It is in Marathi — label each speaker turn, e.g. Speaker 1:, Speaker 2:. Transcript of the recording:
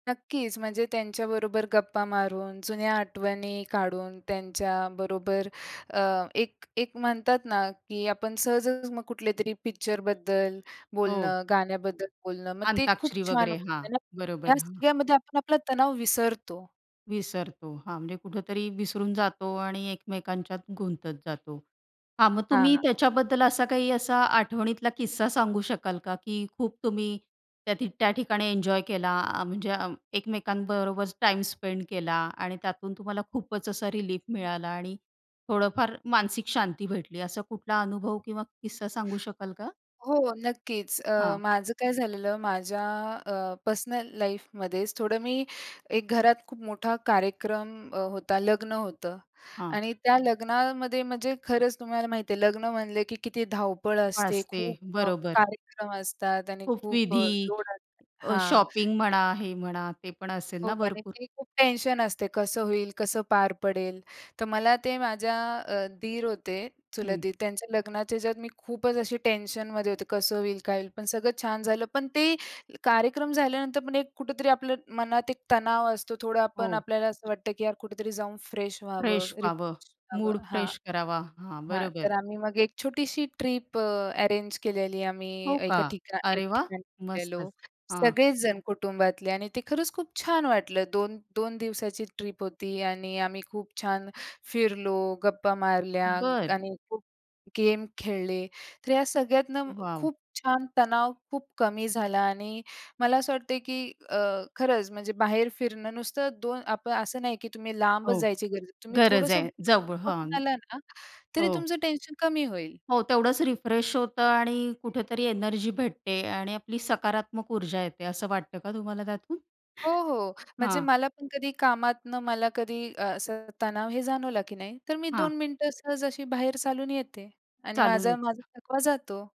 Speaker 1: नक्कीच, म्हणजे त्यांच्याबरोबर गप्पा मारून, जुन्या आठवणी काढून, त्यांच्याबरोबर अ, एक, एक म्हणतात ना की आपण सहजच मग कुठलेतरी पिक्चरबद्दल
Speaker 2: हो.
Speaker 1: बोलणं, गाण्याबद्दल बोलणं. मग ते खूप
Speaker 2: अंताक्षरी
Speaker 1: छान
Speaker 2: वगैरे. हां.
Speaker 1: होतं ना?
Speaker 2: बरोबर.
Speaker 1: या
Speaker 2: हां.
Speaker 1: सगळ्यामध्ये आपण आपला तणाव विसरतो.
Speaker 2: विसरतो, हां. म्हणजे कुठेतरी विसरून जातो आणि एकमेकांच्यात गुंतत जातो. हा मग तुम्ही
Speaker 1: हां.
Speaker 2: त्याच्याबद्दल असा काही असा आठवणीतला किस्सा सांगू शकाल का? की खूप तुम्ही त्या ठी त्या ठिकाणी एन्जॉय केला, आ म्हणजे अं, एकमेकांबरोबर टाईम स्पेंड केला. आणि त्यातून तुम्हाला खूपच असा रिलीफ मिळाला. आणि थोडंफार मानसिक शांती भेटली. असा कुठला अनुभव किंवा किस्सा सांगू शकाल का?
Speaker 1: हो, नक्कीच अ,
Speaker 2: हां.
Speaker 1: माझं काय झालेलं, माझ्या अ, पर्सनल लाईफमध्येच थोडं मी एक घरात खूप मोठा कार्यक्रम अ, होता. लग्न होतं.
Speaker 2: हां.
Speaker 1: आणि त्या लग्नामध्ये म्हणजे खरंच तुम्हाला माहीती आहे, लग्न म्हणलं की किती धावपळ
Speaker 2: ब
Speaker 1: असते,
Speaker 2: असते,
Speaker 1: खूप अ,
Speaker 2: बरोबर.
Speaker 1: कार्यक्रम असतात आणि
Speaker 2: खूप
Speaker 1: खूप अ,
Speaker 2: विधी.
Speaker 1: लोड असत
Speaker 2: अ,
Speaker 1: हां.
Speaker 2: शॉपिंग
Speaker 1: ते
Speaker 2: म्हणा, हे म्हणा, ते पण असेल
Speaker 1: हो,
Speaker 2: ना भरपूर?
Speaker 1: बऱ्यापैकी खूप टेन्शन असते, "कसं होईल? कसं पार पडेल?" तर मला ते माझ्या अ, दीर होते, चुलत
Speaker 2: हं.
Speaker 1: दीर, त्यांच्या लग्नाच्या ह्याच्यात मी खूपच अशी टेन्शनमध्ये होते, "कसं होईल? काय होईल?" पण सगळं छान झालं. पण ते कार्यक्रम झाल्यानंतर पण एक कुठेतरी आपलं मनात एक तणाव असतो. थोडा आपण
Speaker 2: हो.
Speaker 1: आपल्याला असं वाटतं की "यार, कुठेतरी जाऊन फ्रेश व्हावं,
Speaker 2: फ्रेश व्हावं.
Speaker 1: रिफ्रेश
Speaker 2: मूड
Speaker 1: व्हावं." हां,
Speaker 2: फ्रेश करावा. हां.
Speaker 1: हां. तर
Speaker 2: बरोबर.
Speaker 1: आम्ही मग एक छोटीशी ट्रिप अ, अरेंज केलेली आहे. आम्ही
Speaker 2: हो का?
Speaker 1: एका ठिकाण एक
Speaker 2: अरे, वाह!
Speaker 1: ठिकाणी गेलेलो.
Speaker 2: मस्तच. हां.
Speaker 1: सगळेच जण कुटुंबातले आणि ते खरंच खूप छान वाटलं. दोन 2 दिवसाची ट्रिप होती आणि आम्ही खूप छान फिरलो, गप्पा मारल्या
Speaker 2: बरं.
Speaker 1: आणि खूप गेम खेळले. तर या सगळ्यातनं
Speaker 2: वॉव!
Speaker 1: खूप छान तणाव खूप कमी झाला आणि मला असं वाटतंय की अ, खरंच म्हणजे बाहेर फिरणं नुसतं दोन आपण असं नाही की तुम्ही
Speaker 2: हो.
Speaker 1: लांबच जायची गरज आहे. तुम्ही
Speaker 2: गरज
Speaker 1: थोडंसं
Speaker 2: आहे.
Speaker 1: [unintelligible]
Speaker 2: जव हां.
Speaker 1: बघून आला ना तरी
Speaker 2: हो.
Speaker 1: तुमचं टेन्शन कमी होईल.
Speaker 2: हो. तेवढंच रिफ्रेश होतं आणि कुठेतरी एनर्जी भेटते आणि आपली सकारात्मक ऊर्जा येते, असं वाटतं का तुम्हाला त्यातून?
Speaker 1: हो, हो. म्हणजे
Speaker 2: हां.
Speaker 1: मला पण कधी कामातनं मला कधी असं तणाव हे जाणवला की नाही, तर मी
Speaker 2: हां.
Speaker 1: 2 मिनिटं सहज अशी बाहेर चालून येते. आणि
Speaker 2: चालून
Speaker 1: माझा माझा
Speaker 2: ये
Speaker 1: थकवा जातो.